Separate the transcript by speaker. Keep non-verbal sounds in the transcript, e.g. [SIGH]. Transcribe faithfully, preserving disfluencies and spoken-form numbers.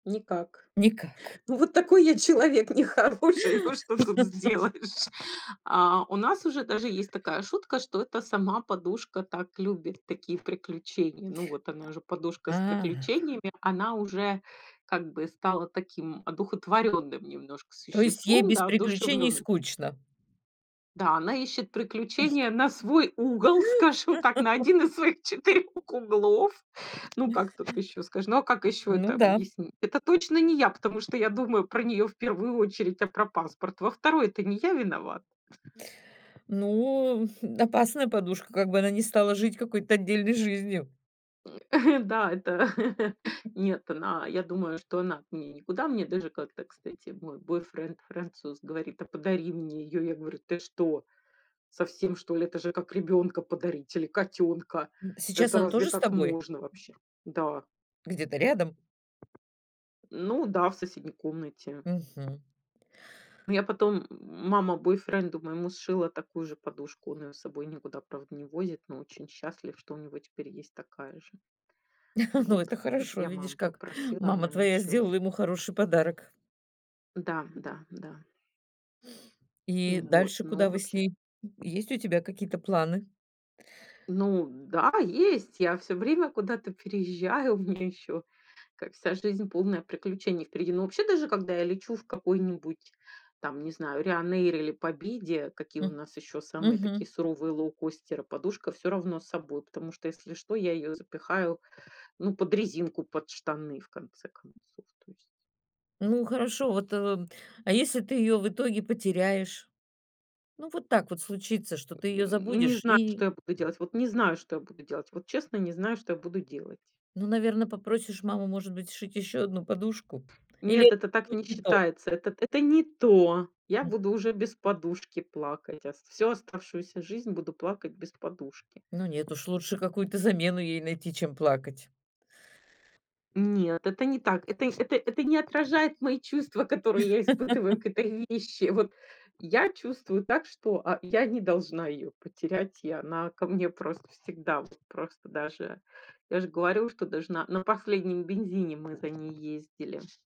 Speaker 1: Никак.
Speaker 2: Никак.
Speaker 1: [CHUCKLES]
Speaker 2: [LAUGHS]
Speaker 1: Ну, вот такой я человек нехороший. Ну, что тут сделаешь? А у нас уже даже есть такая шутка, что это сама подушка так любит такие приключения. Ну, вот она
Speaker 2: [GRUNTS]
Speaker 1: же подушка с
Speaker 2: А.
Speaker 1: приключениями, она уже, как бы, стала таким одухотворённым немножко
Speaker 2: То есть ей
Speaker 1: существом,
Speaker 2: без
Speaker 1: да,
Speaker 2: приключений
Speaker 1: одушевлённым.
Speaker 2: скучно?
Speaker 1: Да, она ищет приключения на свой угол, скажем так, на один из
Speaker 2: [LAUGHS]
Speaker 1: своих четырёх углов. [LAUGHS] Ну, как тут ещё скажи, ну, а как ещё это
Speaker 2: Ну да.
Speaker 1: объяснить? Это точно не я, потому что я думаю про неё в первую очередь, а про паспорт во второй, то не я виноват.
Speaker 2: Ну, хм, опасная подушка, как бы она не стала жить какой-то отдельной жизнью.
Speaker 1: [LAUGHS] Да, это [LAUGHS]
Speaker 2: [LAUGHS]
Speaker 1: нет, она я думаю, что она от меня никуда. Мне даже как-то, кстати, мой бойфренд-француз говорит: "А подари мне её". Я говорю: "Ты что, совсем, что ли? Это же как ребёнка подарить или котёнка?
Speaker 2: М,
Speaker 1: Да,
Speaker 2: сейчас
Speaker 1: это
Speaker 2: она
Speaker 1: разве
Speaker 2: тоже с
Speaker 1: так
Speaker 2: тобой?
Speaker 1: можно вообще?" Да.
Speaker 2: Где-то рядом?
Speaker 1: Ну да, в соседней комнате.
Speaker 2: Мгм.
Speaker 1: Ну, я потом, м мама бойфренду моему сшила такую же подушку, он её с собой никуда, правда, не возит, но очень счастлив, что у него теперь есть такая же.
Speaker 2: [LAUGHS] Ну,
Speaker 1: Вот.
Speaker 2: это
Speaker 1: М,
Speaker 2: хорошо,
Speaker 1: я
Speaker 2: видишь,
Speaker 1: маму
Speaker 2: как
Speaker 1: попросила, она
Speaker 2: мама
Speaker 1: ему
Speaker 2: твоя
Speaker 1: сшила.
Speaker 2: сделала ему хороший подарок.
Speaker 1: Да, да, да.
Speaker 2: И
Speaker 1: М, вот,
Speaker 2: дальше
Speaker 1: но
Speaker 2: куда вы с
Speaker 1: вообще
Speaker 2: ней? Есть у тебя какие-то планы?
Speaker 1: Ну да, есть. Я всё время куда-то переезжаю. У меня ещё как, вся жизнь, полная приключений, впереди. Но вообще, даже когда я лечу в какой-нибудь там, не знаю, "Райнэйр" или "Победе", какие у
Speaker 2: М.
Speaker 1: нас ещё самые такие
Speaker 2: Мгм.
Speaker 1: суровые лоукостеры, подушка всё равно с собой. Потому что, если что, я её запихаю, ну, под резинку, под штаны, в конце концов, то есть.
Speaker 2: Ну, хорошо, вот, э, а если ты её в итоге потеряешь? Ну, вот так вот случится, что ты её
Speaker 1: М, не
Speaker 2: забудешь
Speaker 1: знаю,
Speaker 2: и
Speaker 1: что я буду делать. Вот не знаю, что я буду делать. Вот честно, не знаю, что я буду делать.
Speaker 2: Ну, наверно, попросишь маму, может быть, сшить ещё одну подушку? Или
Speaker 1: Нет,
Speaker 2: это
Speaker 1: это
Speaker 2: уже
Speaker 1: так
Speaker 2: будет
Speaker 1: не
Speaker 2: не то?
Speaker 1: считается. Это это не то. Я
Speaker 2: М.
Speaker 1: буду уже без подушки плакать ост всю оставшуюся жизнь буду плакать без подушки.
Speaker 2: Ну, нет, уж лучше какую-то замену ей найти, чем плакать.
Speaker 1: Нет, это не так. Это это это не отражает мои чувства, которые я испытываю
Speaker 2: [LAUGHS]
Speaker 1: к этой вещи. Вот я чувствую так, что, а, я не должна её потерять. И она ко мне просто всегда, вот просто даже, я же говорю, что даже на на последнем бензине мы за ней ездили.